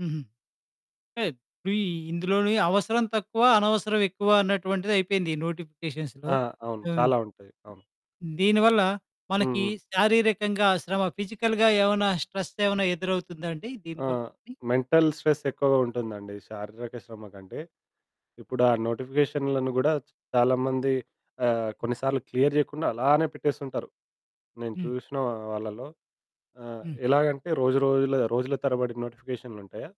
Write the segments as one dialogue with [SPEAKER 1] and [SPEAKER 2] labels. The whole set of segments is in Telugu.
[SPEAKER 1] హుహు. ఇప్పుడు ఇందులోని అవసరం తక్కువ అనవసరం ఎక్కువ అన్నటువంటిదయిపోయింది ఈ నోటిఫికేషన్స్‌తో.
[SPEAKER 2] ఆ! అవును,
[SPEAKER 1] హ్మ్.
[SPEAKER 2] చాలా ఉంటాయి. అవును.
[SPEAKER 1] దీనివల్ల
[SPEAKER 2] హ్మ్,
[SPEAKER 1] మనకి
[SPEAKER 2] హ్మ్.
[SPEAKER 1] శారీరకంగా శ్రమ ఫిజికల్‌గా ఏవనా స్ట్రెస్ ఏవన్నా ఎదురవుతుందా అండి
[SPEAKER 2] ఆ!
[SPEAKER 1] దీనివల్లని?
[SPEAKER 2] మెంటల్ స్ట్రెస్ ఎక్కువగా ఉంటుందండి శారీరక శ్రమకంటే. ఇప్పుడు ఆ నోటిఫికేషన్లను గూడా చాలామంది
[SPEAKER 1] హ్మ్.
[SPEAKER 2] కొన్నిసార్లు ఆహ్, క్లియర్ జేయకుండా అలానే పెట్టేస్తుంటారు. నేను
[SPEAKER 1] హ్మ్.
[SPEAKER 2] చూసిన వాళ్ళలో, ఆ!
[SPEAKER 1] హ్మ్.
[SPEAKER 2] ఎలాగంటే రోజు రోజులు రోజుల తరబడి నోటిఫికేషన్లుంటాయా,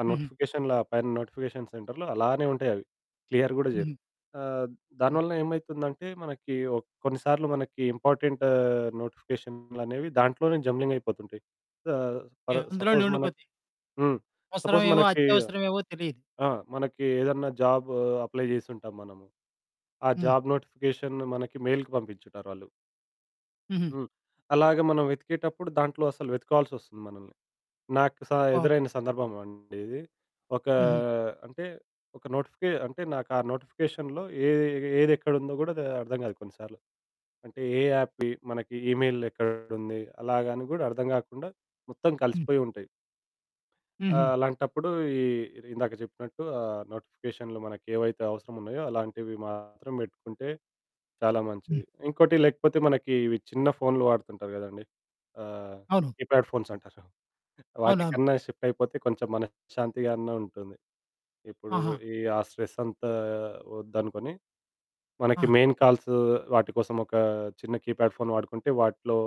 [SPEAKER 2] ఆ
[SPEAKER 1] హుహు.
[SPEAKER 2] నోటిఫికేషన్ల పైన నోటిఫికేషన్ సెంటర్‌లో అలానే ఉంటాయవి. క్లియర్ గూడా జేయరు.
[SPEAKER 1] హుహు.
[SPEAKER 2] ఆహ్,
[SPEAKER 1] హ్మ్.
[SPEAKER 2] దానివలన ఏమైతుందంటే మనకి ఒక్ కొన్నిసార్లు మనకి ఇంపార్టెంట్ నోటిఫికేషన్లనేవి దాంట్లోనే జంబ్లింగ్ అయిపోతుంటయి. ఆహ్,
[SPEAKER 1] కే
[SPEAKER 2] ఫర్
[SPEAKER 1] అందులోనే
[SPEAKER 2] సపోజ్ మనక్
[SPEAKER 1] ఉండిపోతాయి.
[SPEAKER 2] హ్మ్, సపోజ్
[SPEAKER 1] అవసరవేమో
[SPEAKER 2] మనకి
[SPEAKER 1] అత్యవసరవేమో తెలీదు.
[SPEAKER 2] ఆ! మనకి ఏదన్నా జాబ్ అప్లై జేసుంటాం మనం. ఆ
[SPEAKER 1] హ్మ్.
[SPEAKER 2] జాబ్ నోటిఫికేషన్ మనకి మెయిల్‌కి పంపించుంటారు వాళ్ళు.
[SPEAKER 1] హుహు.
[SPEAKER 2] హ్మ్, అలాగ మనం వెతికేటప్పుడు దాంట్లో అసలు వెతుక్కొవాల్సొస్తుంది మనల్ని. నాకు స
[SPEAKER 1] ఓహ్!
[SPEAKER 2] ఎదురైన సందర్భమండి ఇది. ఒక
[SPEAKER 1] హుహు.
[SPEAKER 2] అంటే ఒక నోటిఫికే అంటే నాకు ఆ నోటిఫికేషన్‌లో ఏది, ఏదెక్కడుందో గూడా ద అర్థం గాదు కొన్నిసార్లు. అంటే ఏ యాప్‌కి మనకి ఈమెయిల్ ఎక్కడుంది, అలాగ అని గూడా అర్థం గాకుండా మొత్తం
[SPEAKER 1] హ్మ్.
[SPEAKER 2] కలిసిపోయుంటయి. ఆహ్,
[SPEAKER 1] హుహు.
[SPEAKER 2] అలాంటప్పుడు ఈ ఇందాక చెప్పినట్టు ఆహ్, నోటిఫికేషన్లు మనకి ఏవైతే అవసరమున్నాయో, అలాంటివి మాత్రం పెట్టుకుంటే చాలా
[SPEAKER 1] హ్మ్.
[SPEAKER 2] మంచిది. ఇంకోటి లేకపోతే మనకి ఇవి చిన్న ఫోన్లు వాడుతుంటారు కదండీ. ఆహ్,
[SPEAKER 1] అవును.
[SPEAKER 2] కీప్యాడ్ ఫోన్స్ అంటారు.
[SPEAKER 1] అవునవును.
[SPEAKER 2] వాటికన్నా షిఫ్ట్ అయిపోతే కొంచెం మనశ్శాంతిగా అన్నా ఉంటుంది. ఇప్పుడు
[SPEAKER 1] ఆహా!
[SPEAKER 2] ఈ ఆ స్ట్రెస్ అంతా వద్దనుకుని మనకి
[SPEAKER 1] ఆ!
[SPEAKER 2] మెయిన్ కాల్స్ వాటి కోసమొక చిన్న కీప్యాడ్ ఫోను వాడుకుంటే వాటిలో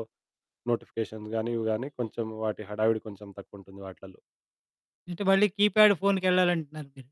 [SPEAKER 2] నోటిఫికేషన్స్ గాని, ఇవి గాని కొంచెం వాటి హడావిడి కొంచెం తక్కువ ఉంటుంది వాట్లల్లో.
[SPEAKER 1] అంటే మళ్ళి కీప్యాడ్ ఫోన్‌కెళ్ళాలంటున్నారు మీరు.